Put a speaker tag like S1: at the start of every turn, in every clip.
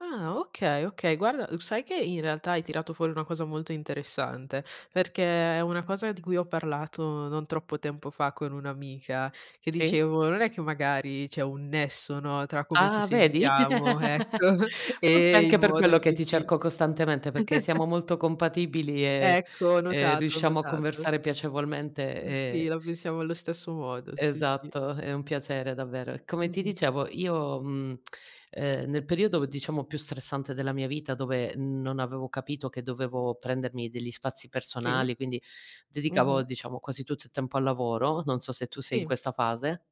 S1: Ah okay, okay. Guarda uhm, sai che in realtà hai tirato fuori una cosa molto interessante? Perché è una cosa di cui ho parlato non troppo tempo fa con un'amica che
S2: Sì.
S1: dicevo: "Non è che magari c'è un nesso, no, tra come ci
S2: Ah vedi?
S1: sentiamo, ecco,
S2: Forse
S1: e il
S2: anche per
S1: modo
S2: quello
S1: in
S2: che
S1: cui
S2: ti
S1: ci"
S2: cerco costantemente perché siamo molto compatibili e
S1: Ecco, ho
S2: e
S1: notato, ho
S2: riusciamo a
S1: notato.
S2: conversare piacevolmente
S1: Uh, sì,
S2: e
S1: la pensiamo allo stesso modo, sì, sì.
S2: esatto, è un piacere davvero. Come ti
S1: Mh-mh.
S2: dicevo io, mhmm, ehm, nel periodo diciamo più stressante della mia vita, dove non avevo capito che dovevo prendermi degli spazi
S1: Sì.
S2: personali, quindi dedicavo
S1: Mh-mh.
S2: diciamo quasi tutto il tempo al lavoro, non so se tu sei in
S1: Sì.
S2: questa fase.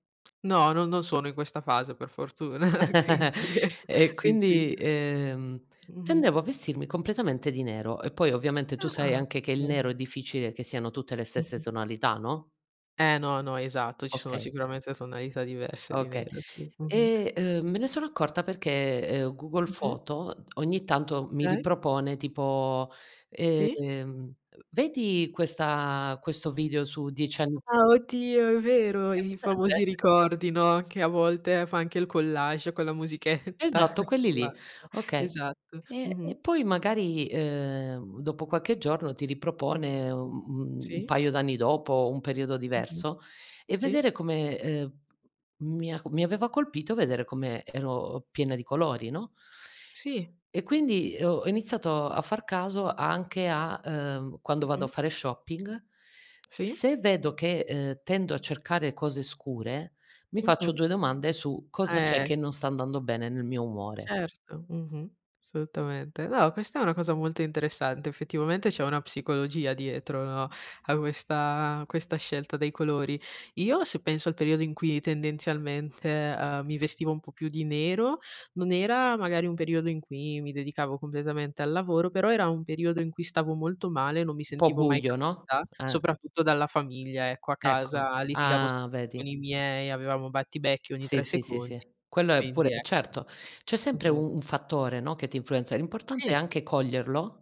S1: No, non non sono in questa fase per fortuna, quindi
S2: E
S1: sì, sì.
S2: quindi, ehm,
S1: Mh-mh.
S2: tendevo a vestirmi completamente di nero e poi ovviamente tu sai
S1: Ah-ah,
S2: anche che il
S1: okay.
S2: nero è difficile che siano tutte le stesse
S1: Mh-mh.
S2: tonalità, no?
S1: Eh no, no, esatto, ci sono
S2: Okay
S1: sicuramente tonalità diverse di
S2: Okay.
S1: nero, sì. Mh-mh.
S2: E, uhm, me ne sono accorta perché, ehm, Google
S1: Mh-mh.
S2: Foto ogni tanto mi
S1: Okay.
S2: ripropone tipo,
S1: Sì.
S2: ehm, "vedi questa questo video su 10 ann"
S1: Ah oddio, è vero
S2: Hai
S1: i i famosi
S2: presente?
S1: ricordi, no, che a volte fa anche il collage con la musichetta
S2: Esatto quelli
S1: [unintelligible]
S2: lì, okay.
S1: esatto.
S2: E
S1: Mh-mh.
S2: e poi magari, ehm, dopo qualche giorno ti ripropone u un
S1: Sì.
S2: paio d'anni dopo, un periodo
S1: Mh-mh,
S2: diverso e
S1: sì.
S2: vedere come, ehm, mi ha mi aveva colpito vedere come ero piena di colori, no?
S1: Sì.
S2: E quindi, ho iniziato a far caso anche a, uhm, quando vado a
S1: Mh-mh.
S2: fare shopping,
S1: Sì.
S2: se vedo che, ehm, tendo a cercare cose scure mi faccio
S1: Mh-mh.
S2: 2 domande su cosa c'è
S1: Eh!
S2: che non sta andando bene nel mio umore.
S1: Certo, Mh-mh. assolutamente. No, questa è una cosa molto interessante. Effettivamente c'è una psicologia dietro, no, a questa questa scelta dei colori. Io se penso al periodo in cui tendenzialmente, ehm, mi vestivo un po' più di nero, non era magari un periodo in cui mi dedicavo completamente al lavoro, però era un periodo in cui stavo molto male, non mi
S2: Un po'
S1: sentivo mai
S2: buio no?
S1: capita,
S2: Eh.
S1: soprattutto dalla famiglia ecco, a
S2: Ecco,
S1: casa litigavo
S2: ah
S1: spesso
S2: vedi!
S1: con i miei, avevamo battibecchi ogni
S2: Sì,
S1: 3
S2: sì, sì, sì,
S1: secondi,
S2: quello è
S1: quindi
S2: pure eh,
S1: ecco.
S2: certo, c'è sempre
S1: Mh-mh.
S2: u un fattore, no, che ti influenza. L'importante è
S1: Sì.
S2: anche coglierlo